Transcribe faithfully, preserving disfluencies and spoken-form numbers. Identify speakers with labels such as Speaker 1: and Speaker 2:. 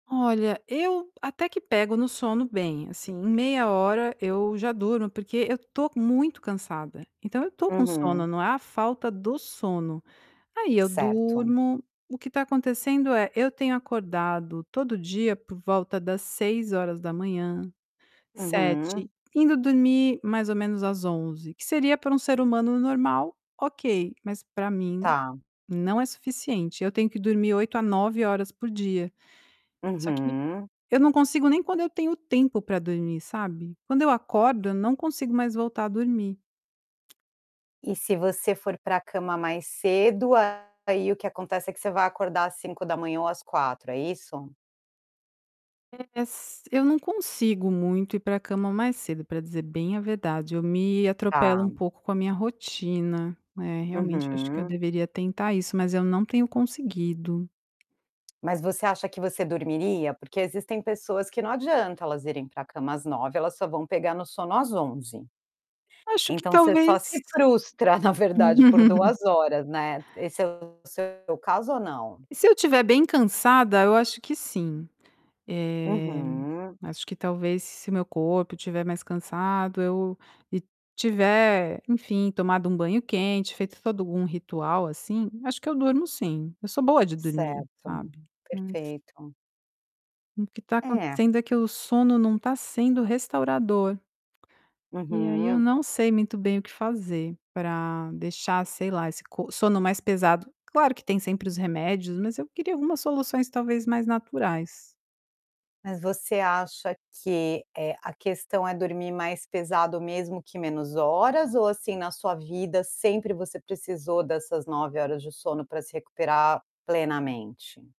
Speaker 1: Olha, eu até que pego no sono bem assim, em meia hora eu já durmo, porque eu tô muito cansada, então eu estou com sono,
Speaker 2: Uhum.
Speaker 1: não é a falta do sono. Aí eu
Speaker 2: Certo.
Speaker 1: durmo. O que está acontecendo é, eu tenho acordado todo dia por volta das seis horas da manhã,
Speaker 2: Uhum.
Speaker 1: sete, indo dormir mais ou menos às onze, que seria para um ser humano normal, ok, mas pra mim,
Speaker 2: Tá.
Speaker 1: não é suficiente, eu tenho que dormir oito a nove horas por dia. Só que
Speaker 2: Uhum.
Speaker 1: eu não consigo nem quando eu tenho tempo para dormir, sabe. Quando eu acordo, eu não consigo mais voltar a dormir.
Speaker 2: E, se você for para cama mais cedo, aí o que acontece é que, você vai acordar às cinco da manhã ou às quatro, é isso?
Speaker 1: É s eu não consigo muito ir para cama mais cedo, pra dizer bem a verdade, eu me atropelo um
Speaker 2: Tá.
Speaker 1: pouco com a minha rotina, né, realmente eu acho que eu
Speaker 2: Uhum.
Speaker 1: deveria tentar isso, mas eu não tenho conseguido.
Speaker 2: Mas você acha que você dormiria? Porque existem pessoas que não adianta elas irem para cama às nove, elas só vão pegar no sono às onze.
Speaker 1: Acho que
Speaker 2: Então você só se
Speaker 1: talvez
Speaker 2: frustra, na verdade, por duas horas, né, Esse é o seu caso ou não?
Speaker 1: E, se eu estiver bem cansada, eu acho que sim. Eh,
Speaker 2: Uhum.
Speaker 1: acho que talvez se meu corpo estiver mais cansado, eu e tiver, enfim, tomado um banho quente, feito todo um ritual, assim, acho que eu durmo sim, eu sou boa de dormir,
Speaker 2: Certo.
Speaker 1: sabe, mas
Speaker 2: Perfeito.
Speaker 1: O que tá
Speaker 2: É
Speaker 1: acontecendo é que o sono não está sendo restaurador. E aí eu
Speaker 2: Uhum.
Speaker 1: não sei muito bem o que fazer pra deixar, sei lá, esse co sono mais pesado, claro que tem sempre os remédios, mas eu queria algumas soluções talvez mais naturais.
Speaker 2: Mas você acha que, eh, a questão é dormir mais pesado, mesmo que menos horas, ou, assim, na sua vida sempre você precisou dessas nove horas de sono pra se recuperar plenamente?